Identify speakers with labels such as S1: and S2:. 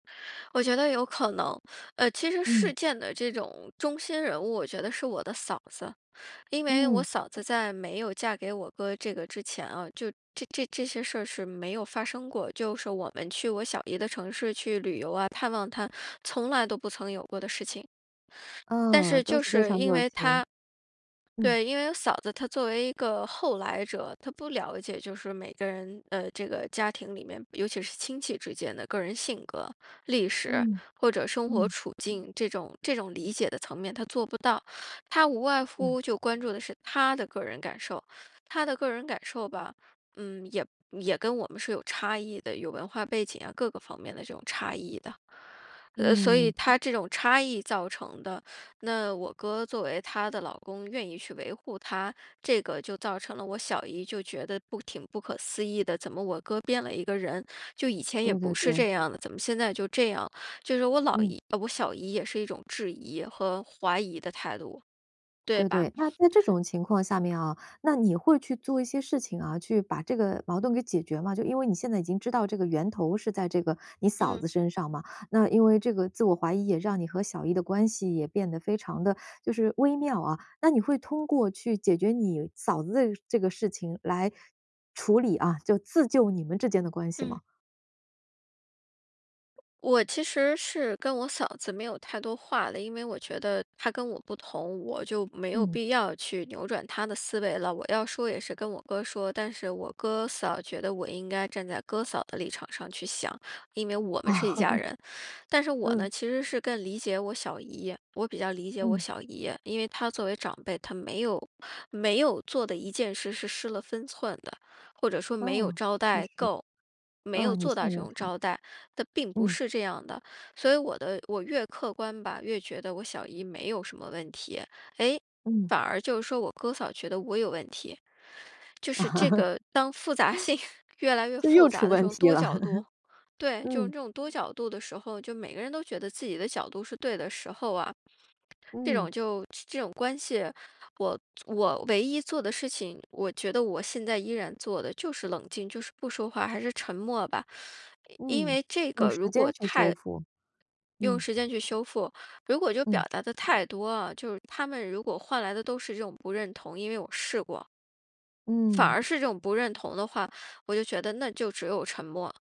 S1: 我觉得有可能，呃，其实
S2: 嗯。
S1: 事件的这种中心人物我觉得是我的嫂子，因为我
S2: 嗯。
S1: 嫂子在没有嫁给我哥这个之前啊，就这这这些事儿是没有发生过，就是我们去我小姨的城市去旅游啊、探望她，从来都不曾有过的事情。但
S2: 啊，
S1: 是
S2: 都
S1: 就
S2: 是非
S1: 是
S2: 常
S1: 因
S2: 热
S1: 为
S2: 情。
S1: 她
S2: 嗯。
S1: 对，因为嫂子她作为一个后来者，她不了解，就是每个人呃，这个家庭里面尤其是亲戚之间的个人性格、历史
S2: 嗯，
S1: 或者生活
S2: 嗯。
S1: 处境这种这种理解的层面她做不到，她无外
S2: 啊。
S1: 乎就关注的是她的个人感受。她的个人感受吧，嗯，也也跟我们是有差异的，有文化背景啊，各个方面的这种差异的。呃，所以
S2: 嗯。
S1: 她这种差异造成的，那我哥作为她的老公愿意去维护她，这个就造成了我小姨就觉得不挺不可思议的，怎么我哥变了一个人，就以前也
S2: 对对
S1: 不是这
S2: 对。
S1: 样的，怎么现在就这样，就是我老
S2: 嗯。
S1: 姨啊，我小姨也是一种质疑和怀疑的态度，对
S2: 对
S1: 吧。
S2: 对，那在这种情况下面啊，那你会去做一些事情啊，去把这个矛盾给解决吗？就因为你现在已经知道这个源头是在这个你嫂
S1: 嗯。
S2: 子身上嘛，那因为这个自我怀疑也让你和小姨的关系也变得非常地，就是微妙啊，那你会通过去解决你嫂子的呃，这个事情来处理啊，就自救你们之间的关系
S1: 嗯。
S2: 吗？
S1: 我其实是跟我嫂子没有太多话的，因为我觉得她跟我不同，我就没有
S2: 嗯。
S1: 必要去扭转她的思维了，我要说也是跟我哥说，但是我哥嫂觉得我应该站在哥嫂的立场上去想，因为我
S2: 啊。
S1: 们是一家人。但 是我呢，
S2: 嗯。
S1: 其实是更理解我小姨，我比较理解我
S2: 嗯。
S1: 小姨，因为她作为长辈，她没有没有做的一件事是失了分寸的，或者说没有
S2: 哦，
S1: 招
S2: 确
S1: 待
S2: 实。
S1: 够没
S2: 呃，
S1: 有
S2: 你
S1: 做
S2: 信
S1: 到这
S2: 任
S1: 种
S2: 她。
S1: 招待，她并不
S2: 嗯。
S1: 是这样的，所以我的我越客观吧，越觉得我小姨没有什么问题，诶，
S2: 嗯。
S1: 反而就是说我哥嫂觉得我有问题。就是这 个当复杂性越来越
S2: 这
S1: 复
S2: 又出
S1: 杂的时
S2: 问
S1: 候
S2: 题
S1: 多
S2: 了。
S1: 角度 对，就
S2: 嗯。
S1: 这种多角度的时候，就每个人都觉得自己的角度是对的时候啊，这
S2: 嗯。
S1: 种就这这种关系，我做我唯一做的事情我觉得我现在依然做的就是冷静，就是不说话，还是沉默吧，因
S2: 嗯，
S1: 为这
S2: 用
S1: 个
S2: 时
S1: 如
S2: 间
S1: 果
S2: 去
S1: 太
S2: 修复，
S1: 用
S2: 嗯。
S1: 时间去修复，如果就表
S2: 嗯。
S1: 达得太多啊，就是他们如果换来的都是这种不认同因为我试过。反
S2: 嗯。
S1: 而是这种不认同的话，我就觉得那就只有沉默。